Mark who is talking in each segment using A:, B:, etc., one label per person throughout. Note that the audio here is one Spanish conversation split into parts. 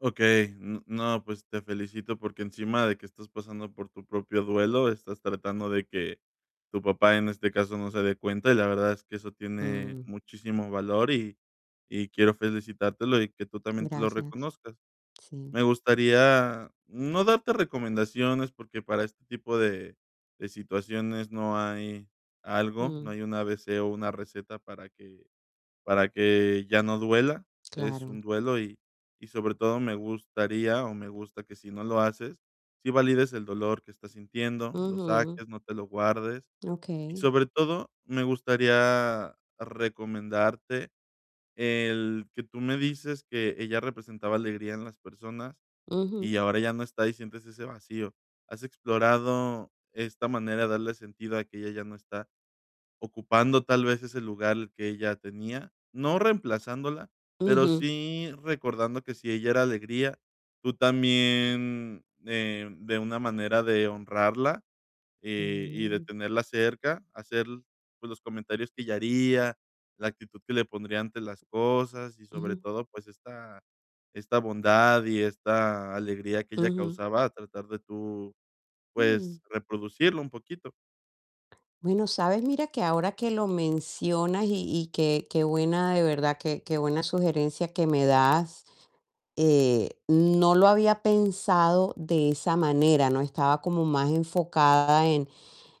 A: Okey. N no, pues te felicito porque encima de que estás pasando por tu propio duelo, estás tratando de que tu papá, en este caso, no se dé cuenta. Y la verdad es que eso tiene
B: Mm.
A: muchísimo valor y y quiero felicitártelo y que tú también te lo
B: Gracias.
A: reconozcas.
B: Sí.
A: Me gustaría no darte recomendaciones, porque para este tipo de de situaciones no hay algo, no
B: Mm.
A: hay un A-B-C o una receta para que para que ya no duela. Es un
B: Claro.
A: duelo y y sobre todo me gustaría o me gusta que si no lo haces, sí valides el dolor que estás sintiendo, lo
B: Ujú.
A: saques, no te lo guardes. Y
B: Okey.
A: sobre todo, me gustaría recomendarte el que tú me dices que ella representaba alegría en las personas
B: Ujú.
A: y ahora ya no está y sientes ese vacío. ¿Has explorado esta manera de darle sentido a que ella ya no está, ocupando tal vez ese lugar que ella tenía?, no reemplazándola, pero
B: Ujú.
A: sí recordando que si ella era alegría, tú también, eh, de una manera de honrarla, eh, y de
B: Mm.
A: tenerla cerca, hacer, pues, los comentarios que ella haría, la actitud que le pondría ante las cosas y sobre
B: Ujú.
A: todo, pues esta esta bondad y esta alegría que ella
B: Ujú.
A: causaba, tratar de tú, pues
B: Mm.
A: reproducirlo un poquito.
B: Bueno, ¿sabes?, mira que ahora que lo mencionas y y qué qué buena de verdad, qué qué buena sugerencia que me das, eh, no lo había pensado de esa manera, ¿no? Estaba como más enfocada en,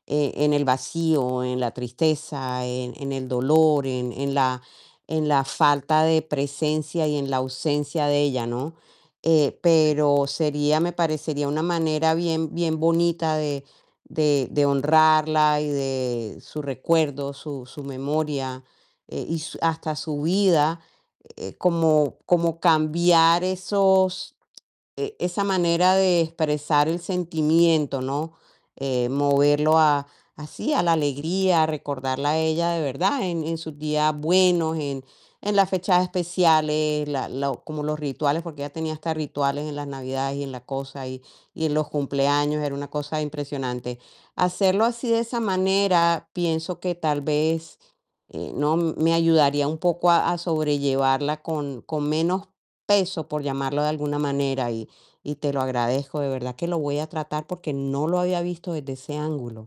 B: eh, en el vacío, en la tristeza, en en el dolor, en en la en la falta de presencia y en la ausencia de ella, ¿no? Eh,
A: Sí.
B: pero sería me parecería una manera bien bien bonita de de de honrarla y de su recuerdo, su su memoria, eh, y su hasta su vida, eh, como como cambiar esos, eh, esa manera de expresar el sentimiento, ¿no? Eh, moverlo a así, a la alegría, a recordarla a ella de verdad en en sus días buenos, en en las fechas especiales, la lo como los rituales, porque ella tenía hasta rituales en las navidades y en la cosa y y en los cumpleaños. Era una cosa impresionante. Hacerlo así de esa manera pienso que tal vez, eh, no me ayudaría un poco a a sobrellevarla con con menos peso, por llamarlo de alguna manera. Y y te lo agradezco, de verdad que lo voy a tratar porque no lo había visto desde ese ángulo.